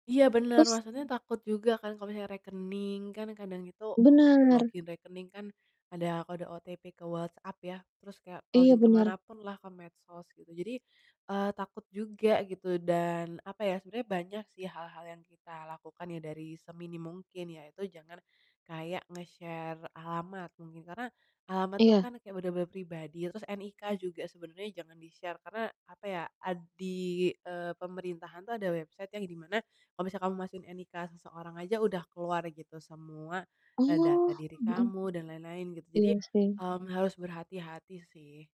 Iya bener, Terus maksudnya mmm. takut juga kan kalau misalnya rekening kan kadang itu untuk Bener. login rekening kan ada kode OTP ke WhatsApp ya terus kayak Iya, login bener. kemanapun lah, ke medsos gitu jadi, eee, takut juga gitu. Dan apa ya, sebenernya banyak sih hal-hal yang kita lakukan ya dari seminim mungkin, yaitu jangan kayak nge-share alamat mungkin, karena alamat tuh Iya. kan kayak bener-bener pribadi, terus NIK juga sebenarnya jangan di-share karena apa ya, ad di, eee, pemerintahan tuh ada website yang di mana kalau kamu masukin NIK seseorang aja udah keluar gitu semua, eee, data Oh, diri mhm. kamu dan lain-lain gitu, jadi, Iya sih. mmm, harus berhati-hati sih.